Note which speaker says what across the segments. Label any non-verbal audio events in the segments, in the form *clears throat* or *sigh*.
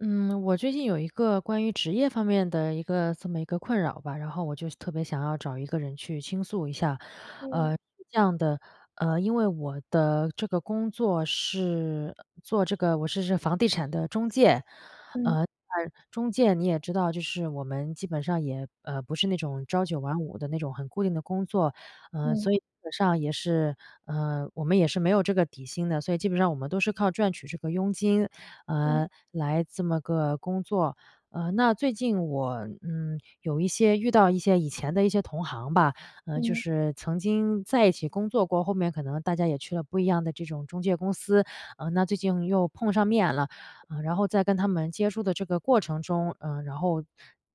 Speaker 1: 嗯，我最近有一个关于职业方面的一个这么一个困扰吧，然后我就特别想要找一个人去倾诉一下。呃，
Speaker 2: 嗯。
Speaker 1: 是这样的，呃，因为我的这个工作是做这个我是是房地产的中介。
Speaker 2: 嗯。
Speaker 1: 呃，中介你也知道就是我们基本上也，呃，不是那种朝九晚五的那种很固定的工作，呃，
Speaker 2: 嗯。
Speaker 1: 所以基本上也是，呃，我们也是没有这个底薪的，所以基本上我们都是靠赚取这个佣金，
Speaker 2: 嗯。
Speaker 1: 呃，来这么个工作。呃，那最近我，嗯，有一些遇到一些以前的一些同行吧，呃，就
Speaker 2: 嗯。
Speaker 1: 是曾经在一起工作过后面可能大家也去了不一样的这种中介公司。呃，那最近又碰上面了，呃，然后在跟他们接触的这个过程中，呃，然后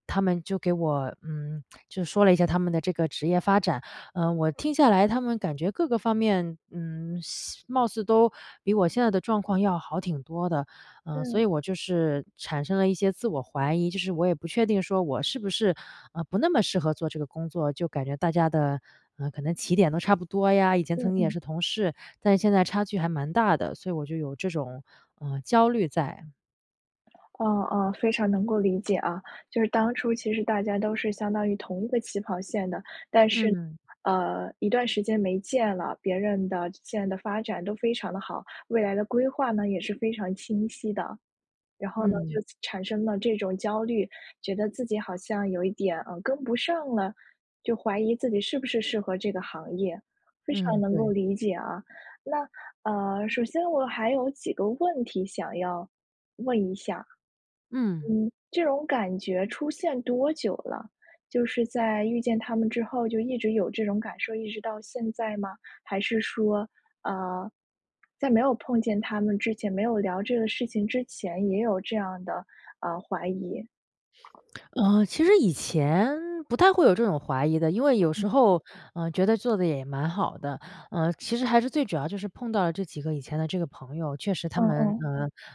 Speaker 1: 他们就给我，嗯，就说了一下他们的这个职业发展。呃，我听下来他们感觉各个方面，嗯，现貌似都比我现在的状况要好挺多的。呃，所
Speaker 2: 嗯。
Speaker 1: 以我就是产生了一些自我怀疑，就是我也不确定说我是不是，呃，不那么适合做这个工作，就感觉大家的，呃，可能起点都差不多呀，以前曾
Speaker 2: 嗯
Speaker 1: 经也
Speaker 2: 嗯。
Speaker 1: 是同事，但现在差距还蛮大的，所以我就有这种，呃，焦虑在。
Speaker 2: 哦哦，非常能够理解啊，就是当初其实大家都是相当于同一个起跑线的，但是，
Speaker 1: 嗯。
Speaker 2: 呃，一段时间没见了，别人的线的发展都非常地好，未来的规划呢也是非常清晰的。然后呢，
Speaker 1: 嗯。
Speaker 2: 就产生了这种焦虑，觉得自己好像有一点，呃，跟不上了，就怀疑自己是不是适合这个行业，非常
Speaker 1: 嗯，
Speaker 2: 能够
Speaker 1: 对。
Speaker 2: 理解啊。那，呃，首先我还有几个问题想要问一下，嗯，
Speaker 1: 嗯。
Speaker 2: 这种感觉出现多久了？就是在遇见他们之后就一直有这种感受，一直到现在吗？还是说，呃，在没有碰见他们之前，没有聊这个事情之前也有这样的，呃，怀疑？
Speaker 1: 呃，其实以前不太会有这种怀疑的，因为有
Speaker 2: 嗯。
Speaker 1: 时候，呃，觉得做得也蛮好的。呃，其实还是最主要就是碰到了这几个以前的这个朋友，确实他
Speaker 2: 嗯
Speaker 1: 们，
Speaker 2: 嗯。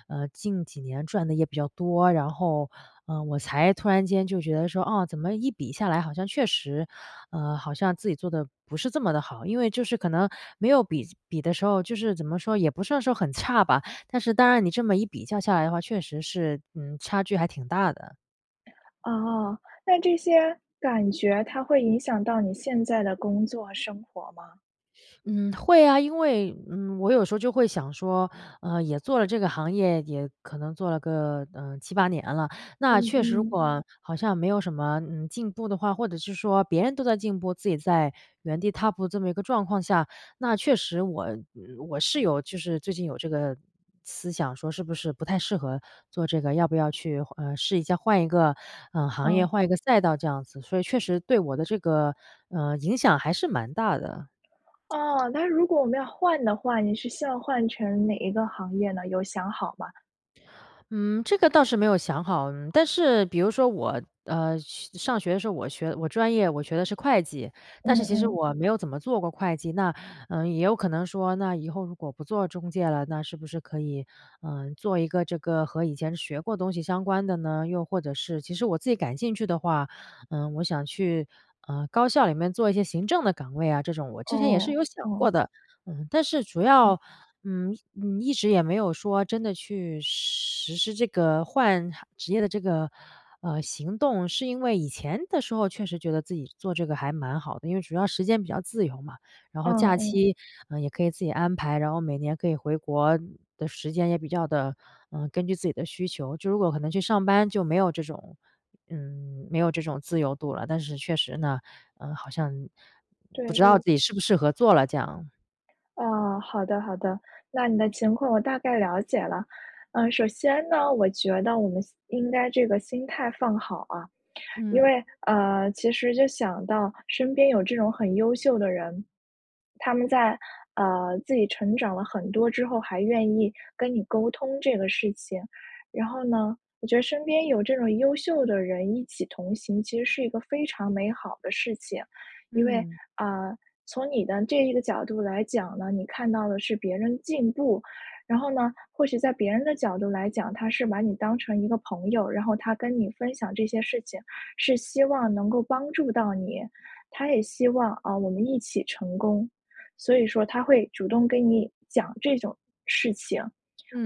Speaker 1: 呃呃，近几年赚得也比较多，然后，呃，我才突然间就觉得说，哦，怎么一比下来好像确实，呃，好像自己做得不是这么地好。因为就是可能没有比比的时候就是怎么说？也不算说很差吧，但是当然你这么一比较下来的话，确实是，嗯，差距还挺大的。
Speaker 2: 哦，那这些感觉它会影响到你现在的工作，生活吗？
Speaker 1: 嗯会啊，因为，嗯，我有时候就会想说，呃，也做了这个行业也可能做了个，呃，7-8年了，那
Speaker 2: 嗯
Speaker 1: 确实如
Speaker 2: 嗯。
Speaker 1: 果我好像没有什么，呃，进步的话，或者是说别人都在进步自己在原地踏步的这么一个状况下，那确实我我是有就是最近有这个思想说是不是不太适合做这个？要不要去，呃，试一下换一个，呃，行业
Speaker 2: 嗯。
Speaker 1: 换一个赛道这样子。所以确实对我的这个，呃，影响还是蛮大的。
Speaker 2: 哦，那如果我们要换的话，您是希望换成哪一个行业呢？有想好吗？
Speaker 1: 嗯，这个倒是没有想好。但是比如说我，呃，上学的时候我学我专业我学的是会计，但
Speaker 2: 嗯
Speaker 1: 是其实
Speaker 2: 嗯。
Speaker 1: 我没有怎么做过会计，那，呃，也有可能说那以后如果不做中介了那是不是可以，呃，做一个这个和以前学过的东西相关的呢？又或者是其实我自己感兴趣的话，呃，我想去，呃，高校里面做一些行政的岗位啊，这种。我之前也是
Speaker 2: 哦，
Speaker 1: 有想过
Speaker 2: 哦。
Speaker 1: 的。但是主
Speaker 2: 嗯。
Speaker 1: 要，嗯嗯，一直也没有说真的去实实施这个换职业的这个，呃，行动，是因为以前的时候确实觉得自己做这个还蛮好的，因为主要时间比较自由嘛，然后
Speaker 2: 嗯
Speaker 1: 假
Speaker 2: 嗯。
Speaker 1: 期，呃，也可以自己安排，然后每年可以回国的时间也比较地，呃，根据自己的需求。就如果可能去上班就没有这种嗯，没有这种自由度了，但是确实呢，呃，好像
Speaker 2: 对
Speaker 1: 不知道
Speaker 2: 对。
Speaker 1: 自己适不适合做了这样。
Speaker 2: 哦，好的好的。那你的情况我大概了解了。呃，首先呢，我觉得我们先应该这个心态放好啊。因
Speaker 1: 嗯。
Speaker 2: 为呃，其实就想到身边有这种很优秀的人，他们在呃，自己成长了很多之后，还愿意跟你沟通这个事情。然后呢，我觉得身边有这种优秀的人一起同行，其实是一个非常美好的事情。因为
Speaker 1: 嗯。
Speaker 2: 呃，从你的这个的角度来讲呢，你看到的是别人进步，然后呢，或许在别人的角度来讲，他是把你当成一个朋友，然后他跟你分享这些事情，是希望能够帮助到你。他也希望啊，我们一起成功。所以说，他会主动跟你讲这种事情。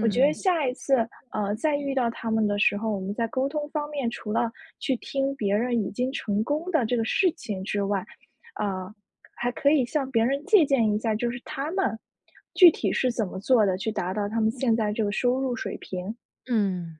Speaker 2: 我觉得下一次呃，再遇到他们的时候，我们在沟通方面，除了去听别人已经成功的这个事情之外呃，还可以向别人借鉴一下，就是他们具体是怎么做的，去达到他们现在这个收入水平。
Speaker 1: 嗯。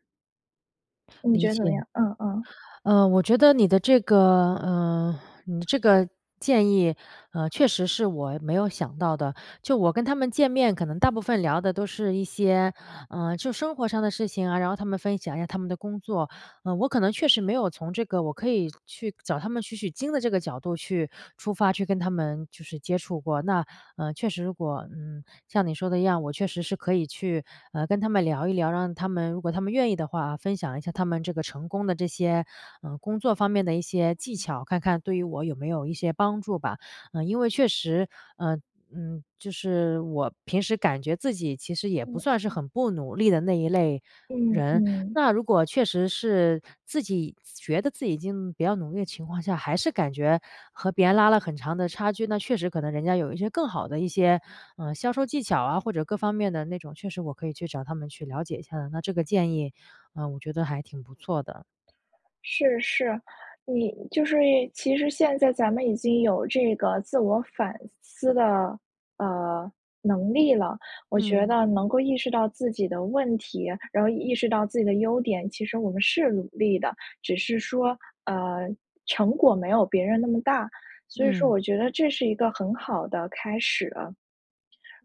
Speaker 2: 你
Speaker 1: 理
Speaker 2: 觉得怎么
Speaker 1: 解。
Speaker 2: 样？嗯嗯。
Speaker 1: 呃，我觉得你的这个，呃，你的这个建议，呃，确实是我没有想到的。就我跟他们见面可能大部分聊的都是一些，呃，就生活上的事情啊，然后他们分享一下他们的工作，呃，我可能确实没有从这个我可以去找他们取取经的这个角度去出发去跟他们就是接触过。那，呃，确实如果，嗯，像你说的一样，我确实是可以去，呃，跟他们聊一聊，让他们如果他们愿意的话，分享一下他们这个成功的这些，呃，工作方面的一些技巧，看看对于我有没有一些帮助吧。呃，因为确实，嗯嗯，就是我平时感觉自己其实也不
Speaker 2: 嗯，
Speaker 1: 算是
Speaker 2: 嗯。
Speaker 1: 很不努力的那一类
Speaker 2: 嗯
Speaker 1: 人，
Speaker 2: 嗯。
Speaker 1: 那如果确实是自己觉得自己已经比较努力的情况下还是感觉和别人拉了很长的差距，那确实可能人家有一些更好的一些，呃，销售技巧啊或者各方面的那种确实我可以去找他们去了解一下，那这个建议，呃，我觉得还挺不错的。
Speaker 2: 是是，你就是其实现在咱们已经有这个自我反思的，呃，能力了，我觉
Speaker 1: 嗯。
Speaker 2: 得能够意识到自己的问题，然后意识到自己的优点，其实我们是努力的，只是说，呃，成果没有别人那么大，所以说
Speaker 1: 嗯。
Speaker 2: 我觉得这是一个很好的开始。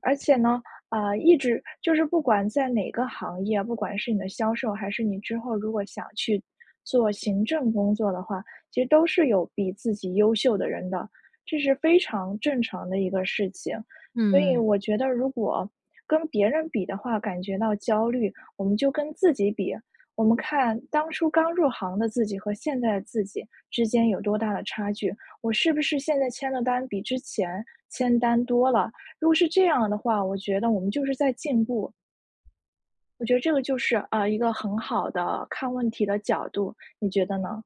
Speaker 2: 而且呢，呃，一直就是不管在哪个行业，不管是你的销售还是你之后如果想去做行政工作的话，其实都是有比自己优秀的人的，这是非常正常的一个事情。所以
Speaker 1: 嗯。
Speaker 2: 我觉得如果跟别人比的话感觉到焦虑，我们就跟自己比。我们看当初刚入行的自己和现在的自己之间有多大的差距，我是不是现在签的单比之前签单多了？如果是这样的话，我觉得我们就是在进步。我觉得这个就是，呃，一个很好的看问题的角度，你觉得呢？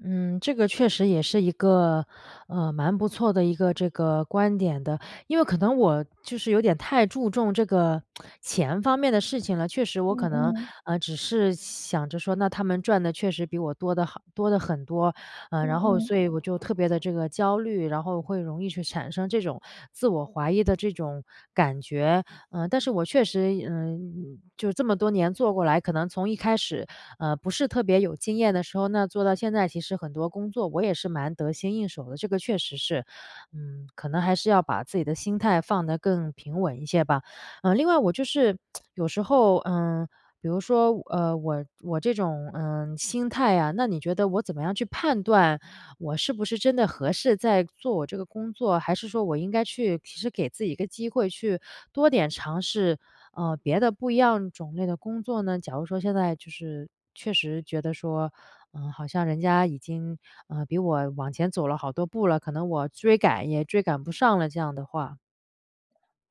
Speaker 1: 嗯，这个确实也是一个，呃，蛮不错的一个这个观点的。因为可能我就是有点太注重这个 *tsk* 钱方面的事情了，确实我
Speaker 2: 嗯
Speaker 1: 可能，
Speaker 2: 嗯。
Speaker 1: 呃，只是想着说，那他们赚的确实比我多得很多得很多，呃，
Speaker 2: 嗯
Speaker 1: 然后
Speaker 2: 嗯。
Speaker 1: 所以我觉得特别的这个焦虑，然后会容易去产生这种自我怀疑的这种感觉。呃，但是我确实，嗯，就这么多年做过来，可能从一开始，呃，不是特别有经验的时候那做到现在，其实很多工作我也是蛮得心应手的。这个确实是，嗯，可能还是要把自己的心态放得更平稳一些吧。呃，另外我就是 *tsk* 有时候，呃，比如说，呃，我我这种，呃，心态啊，那你觉得我怎么样去判断我是不是真的合适再做我这个工作？还是说我应该去其实给自己一个机会去多点尝试，呃，别的不一样种类的工作呢？假如说现在就是确实觉得说，呃，好像人家已经，呃，比我往前走了好多步了，可能我追赶也追赶不上了这样的话。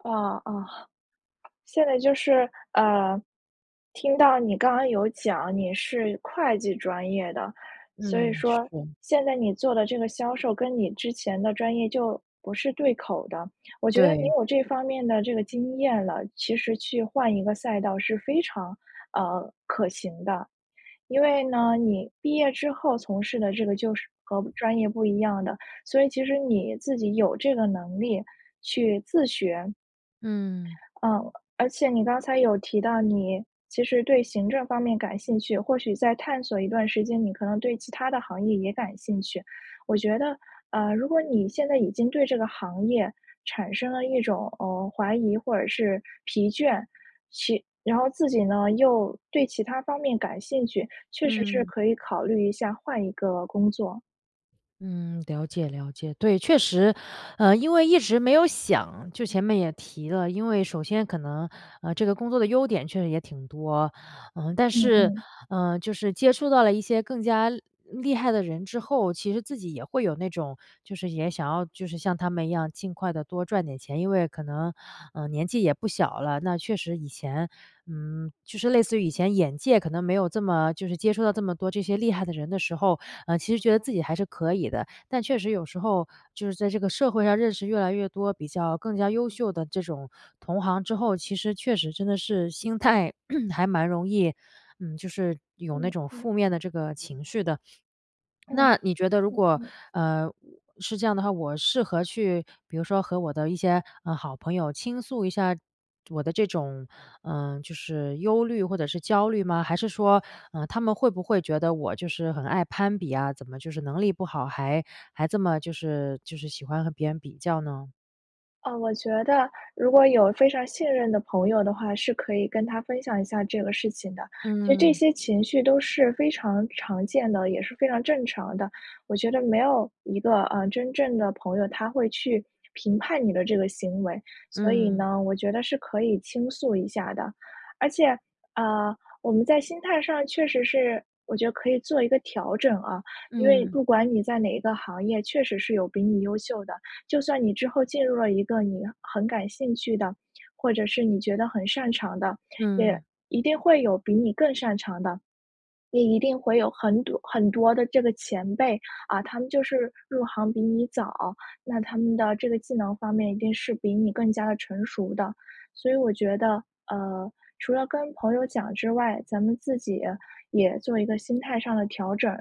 Speaker 2: 嗯嗯。现在就是，呃，听到你刚刚有讲你是会计专业的，所以
Speaker 1: 嗯，是
Speaker 2: 说
Speaker 1: 的。
Speaker 2: 现在你做的这个销售跟你之前的专业就不是对口的，我觉得你
Speaker 1: 对。
Speaker 2: 有这方面的这个经验了，其实去换一个赛道是非常，呃，可行的。因为呢，你毕业之后从事的这个就是和专业不一样的，所以其实你自己有这个能力去自学。
Speaker 1: 嗯。
Speaker 2: 嗯，而且你刚才有提到你其实对行政方面感兴趣，或许再探索一段时间，你可能对其他的行业也感兴趣。我觉得，呃，如果你现在已经对这个行业产生了一种，嗯，怀疑或者是疲倦，其然后自己呢，又对其他方面感兴趣，确实是
Speaker 1: 嗯。
Speaker 2: 可以考虑一下换一个工作。
Speaker 1: 嗯，了解了解。对，确实，呃，因为一直没有想就前面也提了，因为首先可能，呃，这个工作的优点确实也挺多，呃，但
Speaker 2: 嗯
Speaker 1: 是，
Speaker 2: 嗯。
Speaker 1: 呃，就是接触到了一些更加厉害的人之后，其实自己也会有那种，就是也想要就是像他们一样尽快地多赚点钱。因为可能，呃，年纪也不小了。那确实以前，嗯，就是类似于以前眼界可能没有这么就是接触到这么多这些厉害的人的时候，呃，其实觉得自己还是可以的，但确实有时候就是在这个社会上认识越来越多比较更加优秀的这种同行之后，其实确实真的是心态 *clears throat* 还蛮容易，嗯，就是有那
Speaker 2: 嗯，
Speaker 1: 种
Speaker 2: 嗯。
Speaker 1: 负面的这个情绪的。
Speaker 2: 嗯，
Speaker 1: 那你觉得如
Speaker 2: 嗯
Speaker 1: 果，
Speaker 2: 嗯。
Speaker 1: 呃，是这样的话，我适合去比如说和我的一些，呃，好朋友倾诉一下我的这种，呃，就是忧虑或者是焦虑吗？还是说，呃，他们会不会觉得我就是很爱攀比呀？怎么就是能力不好，还还这么就是就是喜欢和别人比较呢？
Speaker 2: 呃，我觉得如果有非常信任的朋友的话，是可以跟他分享一下这个事情的。其实这
Speaker 1: 嗯。
Speaker 2: 些情绪都是非常常见的，也是非常正常的。我觉得没有一个，呃，真正的朋友，他会去评判你的这个行为，所以
Speaker 1: 嗯。
Speaker 2: 呢，我觉得是可以倾诉一下的。而且，呃，我们在心态上确实是我觉得可以做一个调整啊。因为
Speaker 1: 嗯。
Speaker 2: 不管你在哪一个行业确实是有比你优秀的。就算你之后进入了一个你很感兴趣的，或者是你觉得很擅长的，也
Speaker 1: 嗯。
Speaker 2: 一定会有比你更擅长的。你一定会有很多很多的这个前辈啊，他们就是入行比你早，那他们的这个技能方面一定是比你更加地成熟的。所以我觉得，呃，除了跟朋友讲之外，咱们自己也做一个心态上的调整。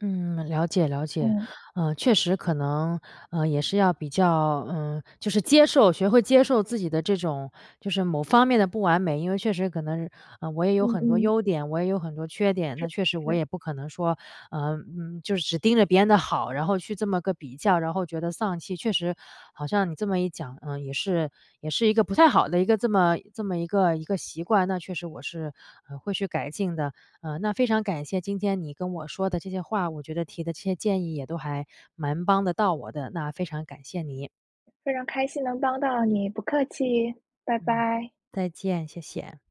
Speaker 1: 嗯，了解了解。
Speaker 2: 嗯。
Speaker 1: 呃，确实可能，呃，也是要比较呃，就是接受学会接受自己的这种就是某方面的不完美。因为确实可能，呃，我也有
Speaker 2: 嗯
Speaker 1: 很多
Speaker 2: 嗯。
Speaker 1: 优点，我也有很多缺点，
Speaker 2: 是
Speaker 1: 那确实我
Speaker 2: 是。
Speaker 1: 也不可能说，呃，嗯，就是只盯着别人的好，然后去这么个比较，然后觉得丧气。确实好像你这么一讲，呃，也是也是一个不太好的一个这么这么一个一个习惯，那确实我是，呃，会去改进的。呃，那非常感谢今天你跟我说的这些话，我觉得提的这些建议也都还蛮帮得到我的，那非常感谢你。
Speaker 2: 非常开心能帮到你，不客气，拜
Speaker 1: 嗯。
Speaker 2: 拜。
Speaker 1: 再见，谢谢。